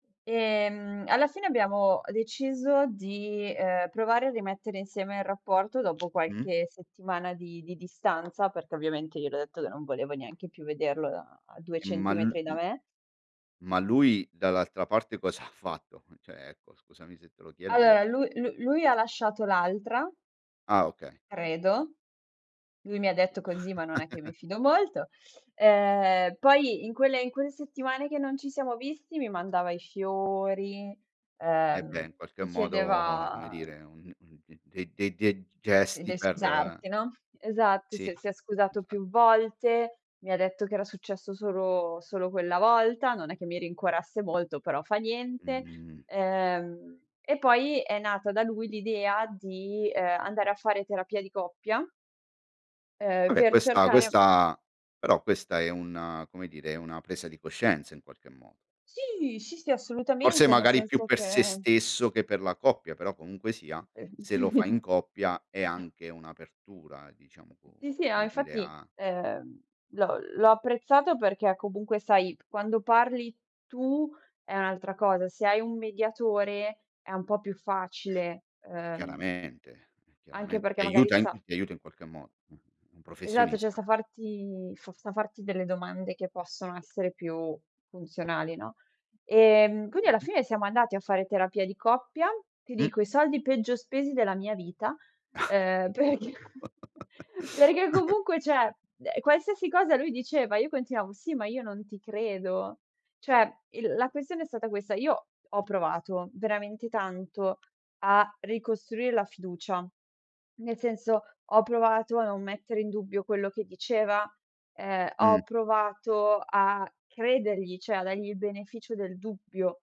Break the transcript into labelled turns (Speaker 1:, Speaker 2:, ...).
Speaker 1: E, mhmm, alla fine abbiamo deciso di, uhm, provare a rimettere insieme il rapporto dopo
Speaker 2: Mh.
Speaker 1: qualche settimana di di distanza, perché ovviamente gliel'ho detto che non volevo neanche più vederlo da, uhm, 2
Speaker 2: E ma lu
Speaker 1: centimetri da
Speaker 2: m
Speaker 1: me.
Speaker 2: ma lui dall'altra parte cosa ha fatto? Cioè, ecco scusami se te lo chiedo ma
Speaker 1: Allora lui lu lui ha lasciato l'altra
Speaker 2: Ah okay.
Speaker 1: credo. Lui mi detto così, ma non è che mi fido molto. Ehm, poi in quelle in quelle settimane che non ci siamo visti mi mandava i fiori,
Speaker 2: E beh
Speaker 1: uhm,
Speaker 2: in qualche
Speaker 1: mi
Speaker 2: modo, come
Speaker 1: chiedeva
Speaker 2: dire, un m mhmm, de-de de
Speaker 1: d
Speaker 2: gesti
Speaker 1: del
Speaker 2: per
Speaker 1: scusarti, no? Esatto,
Speaker 2: Sì,
Speaker 1: si è si è scusato
Speaker 2: esa
Speaker 1: più volte, mi detto che era successo solo solo quella volta, non è che mi rincuorasse molto, però fa niente.
Speaker 2: Mh-mh.
Speaker 1: Uhm, e poi, è nata da lui l'idea di, uhm, andare a fare terapia di coppia uhm,
Speaker 2: Vabbè
Speaker 1: per
Speaker 2: questa
Speaker 1: cercare
Speaker 2: questa però, questa è una come dire, è una presa di coscienza in qualche modo.
Speaker 1: Sì, sì, sì,
Speaker 2: Forse
Speaker 1: assolutamente, ne
Speaker 2: magari più
Speaker 1: senso
Speaker 2: per
Speaker 1: che
Speaker 2: se stesso che per la coppia, però comunque sia,
Speaker 1: Sì
Speaker 2: se lo fai in coppia è anche un'apertura, diciamo co
Speaker 1: Sì, sì, ma
Speaker 2: come dire,
Speaker 1: infatti,
Speaker 2: a
Speaker 1: uhm, l'ho l'ho apprezzato perché comunque sai, quando parli tu è un'altra cosa, se hai un mediatore, è un po' più facile, uhm,
Speaker 2: Chiaramente
Speaker 1: anche
Speaker 2: chiaramen
Speaker 1: perché
Speaker 2: ti
Speaker 1: magari
Speaker 2: aiuta an
Speaker 1: sa
Speaker 2: ti aiuta in qualche modo, un un
Speaker 1: Esatto, cioè,
Speaker 2: professionista.
Speaker 1: sa farti f sa farti delle domande che possono essere più funzionali, no?
Speaker 2: Ah,
Speaker 1: E, mhmm, quindi alla
Speaker 2: chiaramente.
Speaker 1: fine siamo andati a fare terapia di coppia. Ti
Speaker 2: Mh.
Speaker 1: dico, i soldi peggio spesi della mia vita, uhm, perché perché comunque, cioè, uhm, qualsiasi cosa lui diceva, io continuavo: "Sì, ma io non ti credo". Cioè, il la questione è stata questa, io ho provato veramente tanto a ricostruir la fiducia. Nel senso, ho provato a non mettere in dubbio quello che diceva, ehm, ho
Speaker 2: Mh.
Speaker 1: provato a credergli, cioè a dargli il beneficio del dubbio.